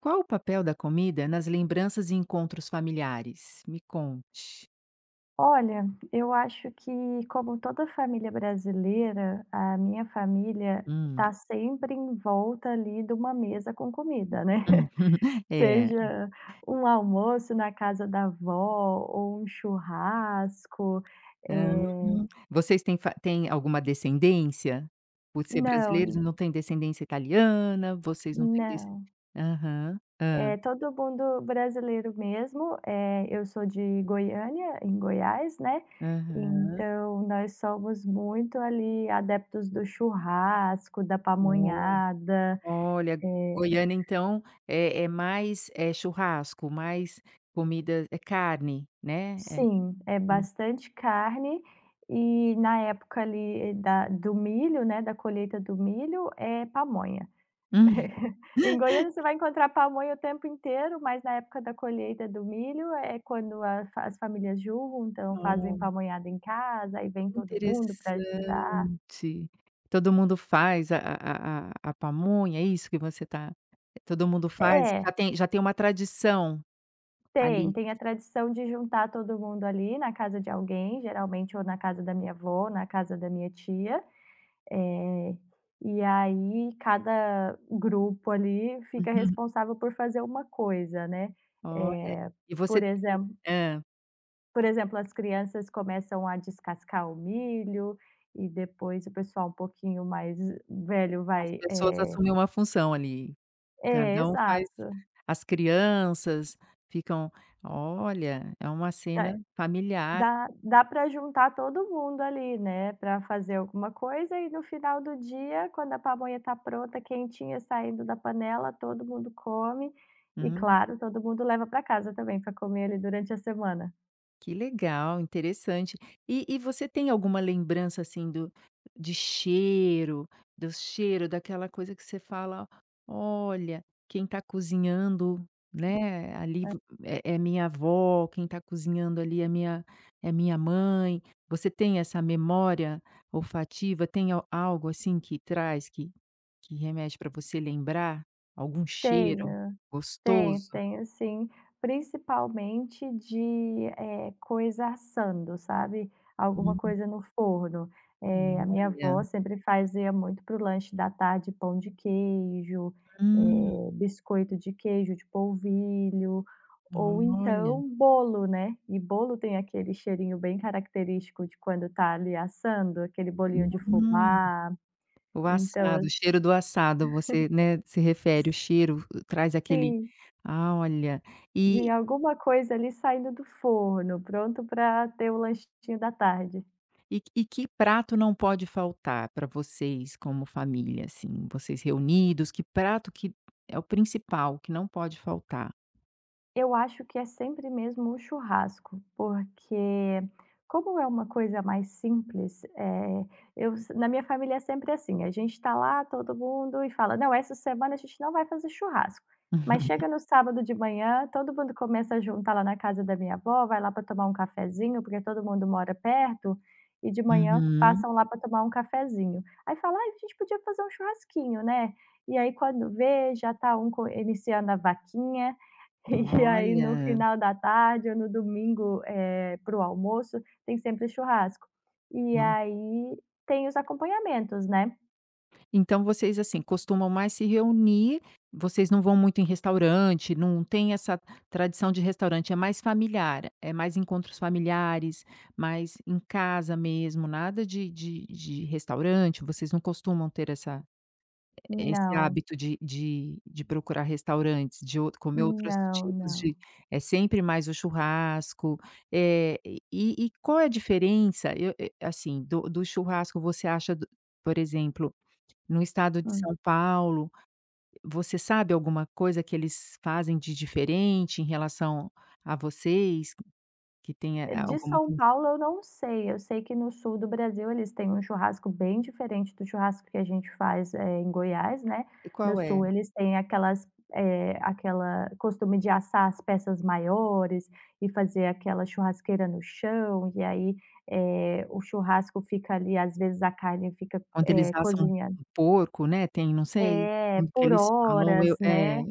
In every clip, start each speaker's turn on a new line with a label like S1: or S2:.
S1: Qual o papel da comida nas lembranças e encontros familiares? Me conte.
S2: Olha, eu acho que como toda a família brasileira, a minha família
S1: Hum.
S2: tá sempre em volta ali de uma mesa com comida, né.
S1: É.
S2: Seja um almoço na casa da vó, ou um churrasco,
S1: Aham.
S2: eh
S1: Vocês têm fa têm alguma descendência? Por ser brasileiros,
S2: Não.
S1: não têm descendência italiana, vocês não têm descen
S2: Não.
S1: aham. Hã?
S2: Eh, todo mundo brasileiro mesmo. Eh, eu sou de Goiânia, em Goiás, né,
S1: Aham.
S2: então nós somos muito ali adeptos do churrasco, da
S1: [unintelligible]
S2: pamonhada,
S1: Olha,
S2: eh
S1: Goiânia então é é mais, eh, churrasco, mais comida é carne, né? Eh
S2: Sim, é bastante carne, e na época ali da do milho, né, da colheita do milho, é pamonha. Em Goiânia você vai encontrar pamonha o tempo inteiro, mas na época da colheita do milho é quando a f as famílias juntam, fazem
S1: Ah.
S2: pamonhada em casa, aí vem
S1: Que
S2: todo mundo pra
S1: interessante.
S2: ajudar.
S1: Todo mundo faz a a a a pamonha, é isso que você tá todo mundo faz já
S2: É.
S1: tem já tem uma tradição
S2: Tem.
S1: ali?
S2: Tem a tradição de juntar todo mundo ali na casa de alguém, geralmente ou na casa da minha vó, na casa da minha tia, eh, e aí cada grupo ali fica
S1: Uhum.
S2: responsável por fazer uma coisa, né.
S1: Olha,
S2: Eh,
S1: e você
S2: por
S1: tem
S2: exem
S1: hã.
S2: por exemplo, as crianças começam a descascar o milho e depois o pessoal um pouquinho mais velho
S1: As
S2: vai,
S1: pessoas
S2: eh
S1: assumem uma função ali.
S2: É,
S1: Cada uma faz
S2: exato.
S1: as crianças ficam olha, é uma
S2: Ta
S1: cena familiar.
S2: dá dá pra juntar todo mundo ali, né, pra fazer alguma coisa, e no final do dia, quando a pamonha tá pronta, quentinha, saindo da panela, todo mundo come, e
S1: Hum.
S2: claro, todo mundo leva pra casa também pra comer ali durante a semana.
S1: Que legal, interessante. E e você tem alguma lembrança assim do de cheiro, do cheiro daquela coisa que você fala: "Olha, quem tá cozinhando, né, ali
S2: É.
S1: vo é minha avó" "Quem tá cozinhando ali é minha é a minha mãe". Você tem essa memória olfativa? Tem algo assim que traz, que remete pra você lembrar? Algum cheiro
S2: Tenho, tenho,
S1: gostoso?
S2: tenho sim. Principalmente de, eh, coisa assando, sabe, alguma
S1: Hum.
S2: coisa no forno. É a minha
S1: Olha.
S2: avó sempre fazia muito para o lanche da tarde pão de queijo,
S1: Hum.
S2: eh, biscoito de queijo, de polvilho, ou
S1: Olha.
S2: então bolo, né, e bolo tem aquele cheirinho bem característico de quando tá ali assando, aquele bolinho de
S1: Hum,
S2: fubá,
S1: o assado,
S2: então
S1: o cheiro do assado você, né, se refere o
S2: Si
S1: cheiro, traz aquele,
S2: Sim.
S1: ah, olha,
S2: De e
S1: e
S2: alguma coisa ali saindo do forno, pronto pra ter o lanchinho da tarde.
S1: E que e que prato não pode faltar pra vocês como família, assim, vocês reunidos? Que prato que é o principal, que não pode faltar?
S2: Eu acho que é sempre mesmo o churrasco. Porque como é uma coisa mais simples, eh, eu se na minha família é sempre assim, a gente está lá todo mundo e fala: "Não, essa semana a gente não vai fazer churrasco", mas chega no sábado de manhã, todo mundo começa a juntar lá na casa da minha avó, vai lá para tomar um cafezinho, porque todo mundo mora perto, e de manhã
S1: Uhum.
S2: passam lá para tomar um cafezinho. Aí fala: "Ai a gente podia fazer um churrasquinho, né". E aí quando vê já tá um co iniciando a vaquinha, e aí no
S1: Olha.
S2: final da tarde ou no domingo, eh, para o almoço, tem sempre churrasco. E
S1: Hum.
S2: aí, tem os acompanhamentos, né.
S1: Então, vocês, assim, costumam mais se reunir. Vocês não vão muito em restaurante, não têm essa tradição de restaurante é mais familiar, é mais encontros familiares, mais em casa mesmo, nada de de de restaurante, vocês não costumam ter, essa eh, esse
S2: Não.
S1: hábito de de de procurar restaurantes, de outro comer outros
S2: Não,
S1: tipos
S2: não.
S1: de é sempre mais o churrasco. Eh, e e qual é a diferença eu eu eh, assim, do do churrasco? Você acha do por exemplo, no estado de
S2: Hum.
S1: São Paulo, você sabe alguma coisa que eles fazem de diferente em relação a vocês? Que tenha
S2: Eh,
S1: a
S2: de
S1: alguma
S2: São
S1: coisa
S2: Paulo eu não sei. Eu sei que no sul do Brasil eles têm um churrasco bem diferente do churrasco que a gente faz, eh, em Goiás, né.
S1: E
S2: No
S1: qual
S2: sul,
S1: é?
S2: eles têm aquelas eh, aquela costume de assar as peças maiores, e fazer aquela churrasqueira no chão. E aí, eh, o churrasco fica ali, às vezes, a carne fica,
S1: Quando eles
S2: eh,
S1: assam um
S2: cozinhando
S1: um porco, né. Tem não sei,
S2: É,
S1: o que
S2: por
S1: eles falam eu
S2: horas,
S1: É,
S2: né.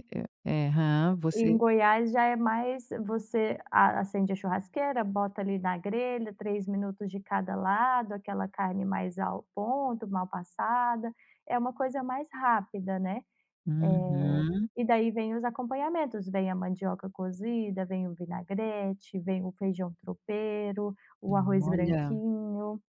S1: eh, aham. Você
S2: Em Goiás já é mais você a acende a churrasqueira, bota ali na grelha, 3 minutos de cada lado, aquela carne mais ao ponto, mal passada. É uma coisa mais rápida, né. Eh,
S1: Uhum.
S2: e daí vêm os acompanhamentos: vem a mandioca cozida, vem o vinagrete, vem o feijão tropeiro, o arroz
S1: Olha.
S2: branquinho.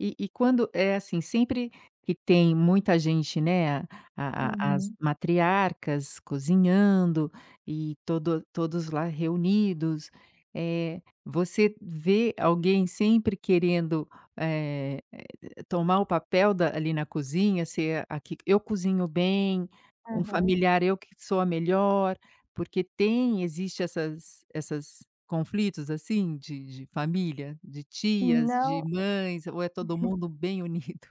S1: E e quando, eh, assim, sempre que tem muita gente, né, a a as
S2: Uhum.
S1: matriarcas cozinhando, e todo todos lá reunidos. Eh, você vê alguém sempre querendo, eh eh, tomar o papel da ali na cozinha? Ser a que: "Eu cozinho bem", um
S2: Aham.
S1: familiar: "Eu que sou a melhor", porque tem, existe essas essas conflitos, assim, de de família, de tias, de
S2: Não
S1: mães? Ou é todo mundo bem unido?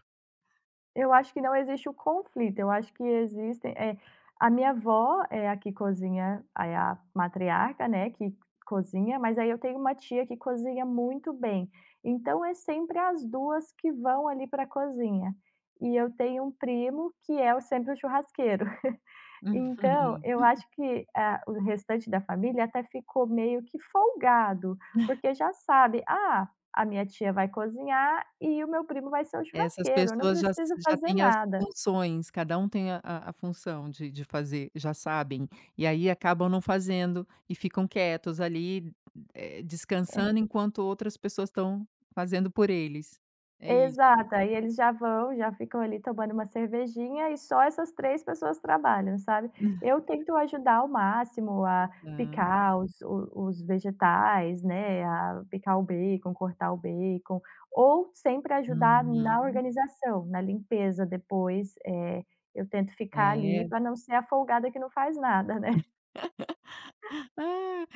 S2: Eu acho que não existe o conflito, eu acho que existem, eh, a minha avó é a que cozinha, aí a matriarca, né, que cozinha, mas aí eu tenho uma tia que cozinha muito bem. Então, é sempre as 2 que vão ali pra cozinha. E eu tenho um primo que é o sempre o churrasqueiro.
S1: Uhum.
S2: Então,
S1: Uhum.
S2: eu acho que a o restante da família até ficou meio que folgado, porque já sabe: "Ah, a minha tia vai cozinhar e o meu primo vai ser o
S1: Essas
S2: churrasqueiro, eu não
S1: pessoas já se
S2: preciso
S1: já
S2: fazer
S1: têm as
S2: nada".
S1: funções, cada um tem a a a função de de fazer, já sabem, e aí acabam não fazendo, e ficam quietos ali, eh,
S2: Hã.
S1: descansando enquanto outras pessoas estão fazendo por eles, é isso.
S2: Exato, aí eles já vão, já ficam ali, tomando uma cervejinha e só essas 3 pessoas trabalham, sabe.
S1: Hã.
S2: Eu tento ajudar o máximo a
S1: Tá.
S2: picar os os vegetais, né, a picar o bacon, cortar o bacon, ou sempre ajudar na
S1: Uhum.
S2: organização, na limpeza depois, eh, eu tento ficar ali
S1: É.
S2: pra não ser a folgada que não faz nada, né.
S1: Ah,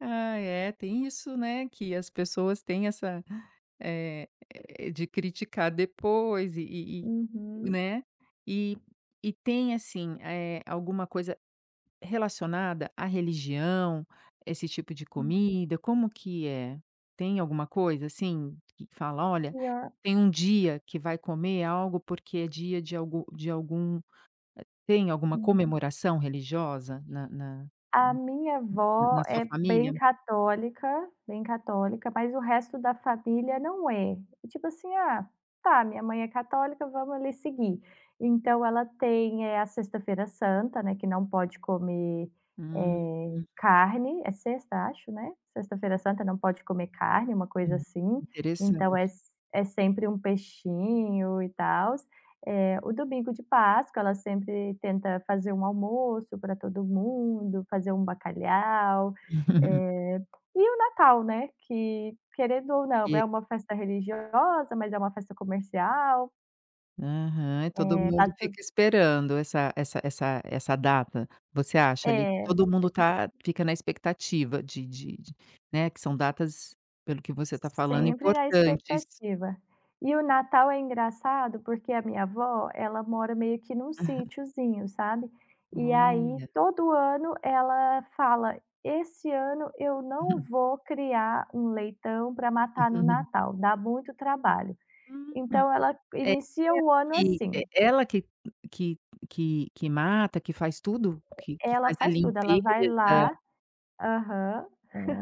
S1: ai é, tem isso, né, que as pessoas têm essa, eh, de criticar depois e e e,
S2: Uhum.
S1: né, e e tem assim, eh, alguma coisa relacionada à religião? Esse tipo de
S2: Hum.
S1: comida? Como que é? Tem alguma coisa assim, que fala: "Olha,
S2: E a
S1: tem um dia que vai comer algo porque é dia de algo de algum". Eh, tem alguma
S2: Uhum.
S1: comemoração religiosa na na
S2: A
S1: na,
S2: minha
S1: hum,
S2: avó
S1: na sua
S2: é bem
S1: família?
S2: católica, bem católica, mas o resto da família não é. E tipo assim: "Ah, tá minha mãe é católica, vamos ali seguir". Então, ela tem a sexta-feira santa, né, que não pode comer, eh,
S1: Uhum.
S2: carne. É sexta, acho, né? Sexta-feira santa não pode comer carne, uma coisa
S1: Hum,
S2: assim, então
S1: interessante.
S2: é é sempre um peixinho e tals, eh, o domingo de páscoa, ela sempre tenta fazer um almoço pra todo mundo, fazer um bacalhau. E o Natal, né, que querendo ou não,
S1: E
S2: é
S1: é
S2: uma festa religiosa mas é uma festa comercial.
S1: Aham. E todo
S2: É, tá
S1: mundo
S2: tudo
S1: fica esperando essa essa essa essa data. Você acha
S2: É.
S1: ali que todo mundo
S2: Eh, s
S1: tá fica na expectativa de de de né, que são datas pelo que você está
S2: S
S1: falando
S2: sempre na
S1: importantes.
S2: expectativa. E o Natal é engraçado porque a minha avó, ela mora meio que num sitiozinho, sabe. E aí,
S1: Olha.
S2: todo ano ela fala: "Esse ano eu não vou criar um leitão para matar no Natal. Dá muito trabalho".
S1: Hum.
S2: Então ela
S1: É
S2: inicia o
S1: ela
S2: ano
S1: que é
S2: assim.
S1: e-ela que que que mata, que faz tudo. Que que
S2: E-ela
S1: faz a
S2: faz tudo, ela
S1: limpeza
S2: vai lá Aham.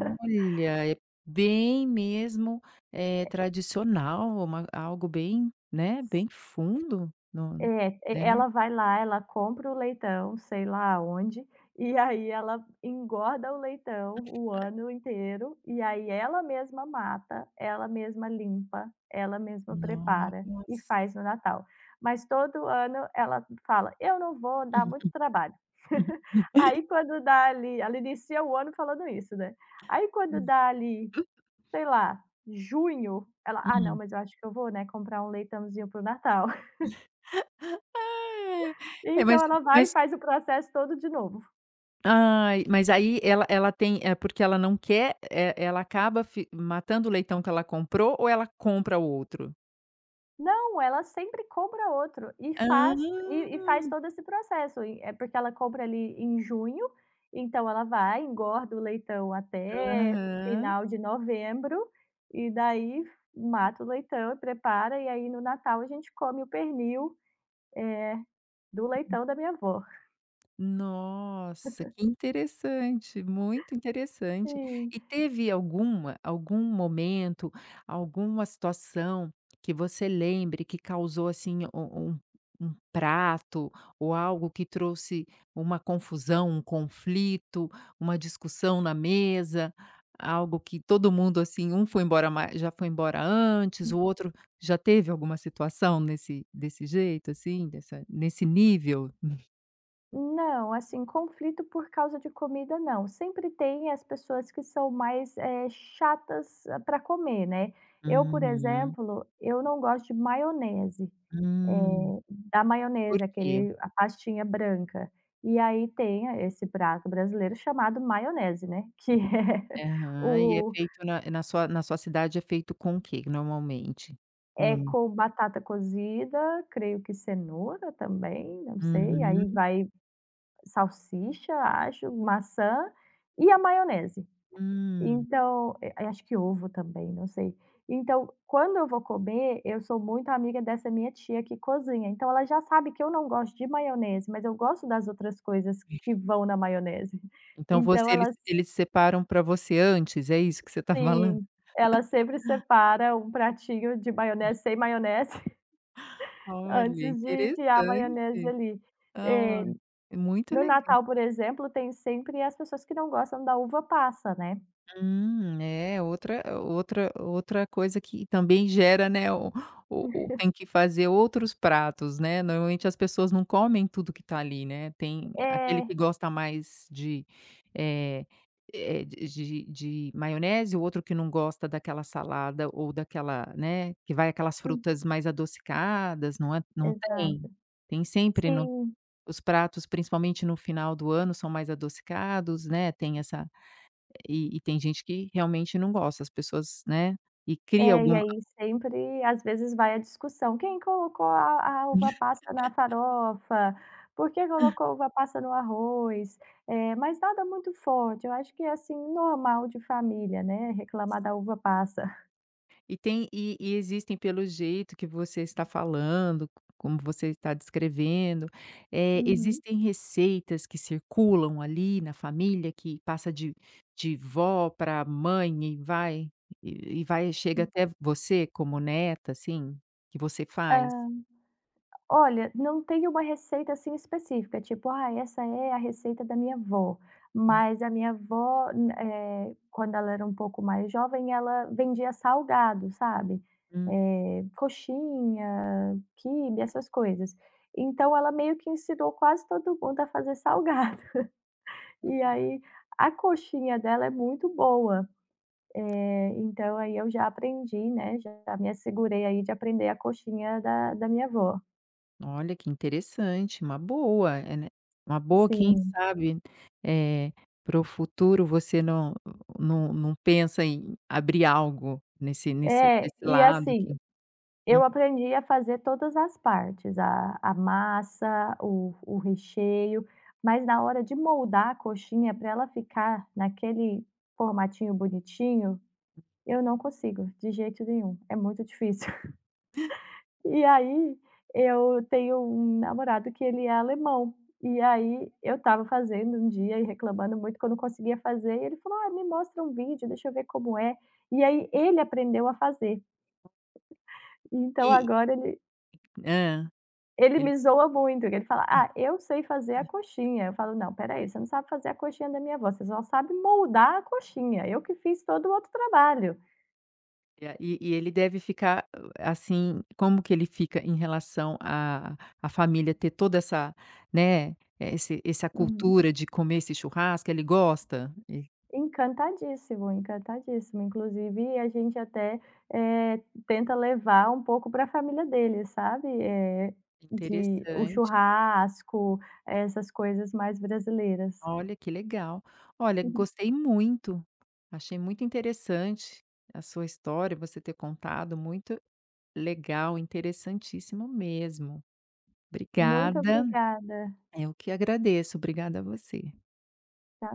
S1: é bem mesmo, eh,
S2: Eh
S1: tradicional. Uma algo bem, né,
S2: S
S1: bem fundo no
S2: É,
S1: né.
S2: ela vai lá, ela compra o leitão, sei lá aonde, e aí ela engorda o leitão o
S1: [unintelligible]
S2: ano inteiro, e aí ela mesma mata, ela mesma limpa, ela mesma prepara e
S1: Noss
S2: faz no Natal. Mas todo ano ela fala: "Eu não vou dá muito trabalho". Aí quando dá ali ela inicia o ano falando isso, né. Aí, quando
S1: Hum.
S2: dá ali, sei lá, junho, ela: "Ah, não,
S1: Hum.
S2: mas eu acho que eu vou, né, comprar um leitãozinho para o Natal".
S1: Ai, ai. É mas
S2: Então, ela vai e
S1: mas
S2: faz o processo todo de novo.
S1: Ai, mas aí ela ela tem é porque ela não quer, eh, ela ela acaba fi matando o leitão que ela comprou? Ou ela compra outro?
S2: Não, ela sempre compra outro. E
S1: Hã.
S2: faz e e faz todo esse processo. Eh, porque ela compra ali em junho, então ela vai, engorda o leitão até
S1: Aham.
S2: final de novembro, e daí mata o leitão, prepara. E aí, no Natal a gente come o pernil, eh, do
S1: Hum.
S2: leitão da minha avó.
S1: Nossa, que interessante, muito interessante.
S2: Sim.
S1: E teve alguma algum momento, alguma situação que você lembre que causou assim um um um prato, ou algo que trouxe uma confusão, um conflito, uma discussão na mesa? Algo que todo mundo assim um foi embora mais já foi embora antes,
S2: Hum.
S1: o outro já teve alguma situação nesse desse jeito assim, dessa nesse nível?
S2: Não, assim, conflito por causa de comida, não. Sempre tem as pessoas que são mais, eh, chatas para comer, né. Eu, por
S1: Uhum.
S2: exemplo, eu não gosto de maionese.
S1: Hum.
S2: Eh, da
S1: Por
S2: maionese,
S1: quê?
S2: aquele a pastinha branca. E aí, tem esse prato brasileiro chamado maionese, né. Que é
S1: Aham. E é
S2: o
S1: feito na na sua na sua cidade é feito com o quê normalmente?
S2: É
S1: Com
S2: com batata cozida, creio que cenoura também, não sei, aí
S1: Uhum.
S2: vai salsicha, acho, maçã e a maionese.
S1: Hum.
S2: Então eh, a acho que ovo também, não sei. Então, quando eu vou comer, eu sou muito amiga dessa minha tia que cozinha, então ela já sabe que eu não gosto de maionese mas eu gosto das outras coisas
S1: Ixe.
S2: que vão na maionese.
S1: Então,
S2: Então,
S1: você eles
S2: elas
S1: eles separam para você antes? É isso que você está falando?
S2: Sim, elas sempre separa um pratinho de
S1: Hum.
S2: maionese sem maionese, antes
S1: Olha,
S2: de enfiar a maionese
S1: interessante.
S2: ali.
S1: Ah, ó
S2: É,
S1: é muito
S2: no
S1: leg
S2: Natal, por exemplo, tem sempre as pessoas que não gostam da uva passa, né.
S1: Hum, é outra outra outra coisa que também gera, né, o o o tem que fazer outros pratos, né. Normalmente, as pessoas não comem tudo que tá ali, né. Tem aquele
S2: É.
S1: que gosta mais de eh-eh, d de de de maionese, o outro que não gosta daquela salada ou daquela né, que vai aquelas
S2: Hum.
S1: frutas mais adocicadas, não é, não tem?
S2: Exato.
S1: Tem sempre no
S2: Sim.
S1: os pratos, principalmente, no final do ano são mais adocicados, né, tem essa e e tem gente que realmente não gosta. As pessoas né, e cria
S2: É, e
S1: alguma
S2: aí sempre às vezes, vai a discussão: "Quem colocou a a uva passa na farofa? Por que colocou uva passa no arroz?". Eh, mas nada muito forte. Eu acho que é, assim, normal de família, né, reclamar da uva passa.
S1: E tem e e existem pelo jeito que você está falando, co como você está descrevendo. Eh,
S2: Uhum.
S1: existem receitas que circulam ali na família que passa de de vó pra mãe e vai e vai chega
S2: Hum.
S1: até você como neta, assim. Que você faz?
S2: Hã. Olha, não tem uma receita, assim, específica, tipo: "Ai, essa é a receita da minha avó".
S1: Uhum.
S2: Mas a minha avó nã eh, quando ela era um pouco mais jovem ela vendia salgado, sabe.
S1: Hum.
S2: Eh, coxinha, quibe, essas coisas. Então, ela meio que ensinou quase todo mundo a fazer salgado. E
S1: Olha.
S2: aí, a coxinha dela é muito boa. Eh, então, aí eu já aprendi, né, já me assegurei aí de aprender a coxinha da da minha avó.
S1: Olha, que interessante. Uma boa, é né. Uma boa quem
S2: Sim.
S1: sabe. Eh, para o futuro você não não não pensa em abrir algo nesse nesse desse lado que
S2: Eu
S1: Uhum.
S2: aprendi a fazer todas as partes. A a massa, o o recheio, mas na hora de moldar a coxinha pra ela ficar naquele formatinho bonitinho, eu não consigo, de jeito nenhum, é muito difícil.
S1: Hã.
S2: E aí, eu tenho um namorado que ele é alemão. E aí eu estava fazendo um dia e reclamando muito que eu não conseguia fazer, ele falou: "Olha, me mostra um vídeo, deixa eu ver como é". E aí, ele aprendeu a fazer. Então,
S1: E
S2: agora ele
S1: E Hã.
S2: Ele
S1: Ele
S2: me zoa muito, que ele fala:
S1: Hã.
S2: "Ah, eu sei fazer a coxinha", eu falo: "Não, espera aí, você não sabe fazer a coxinha da minha avó, você só sabe moldar a coxinha. Eu que fiz todo o outro trabalho".
S1: E a e e ele deve ficar assim, como que ele fica em relação a a família ter toda essa né, esse essa
S2: Uhum.
S1: cultura de comer esse churrasco, ele gosta? E
S2: Encantadíssimo, encantadíssimo. Inclusive a gente até, eh, tenta levar um pouco pra família dele, sabe. Eh, de o
S1: Interessante.
S2: churrasco, essas coisas mais brasileiras.
S1: Olha, que legal. Olha,
S2: Uhum.
S1: gostei muito. Achei muito interessante a sua história, você ter contado. Muito legal, interessantíssimo mesmo.
S2: Muito
S1: Obrigada.
S2: obrigada.
S1: Eu que agradeço, obrigada você.
S2: Tchau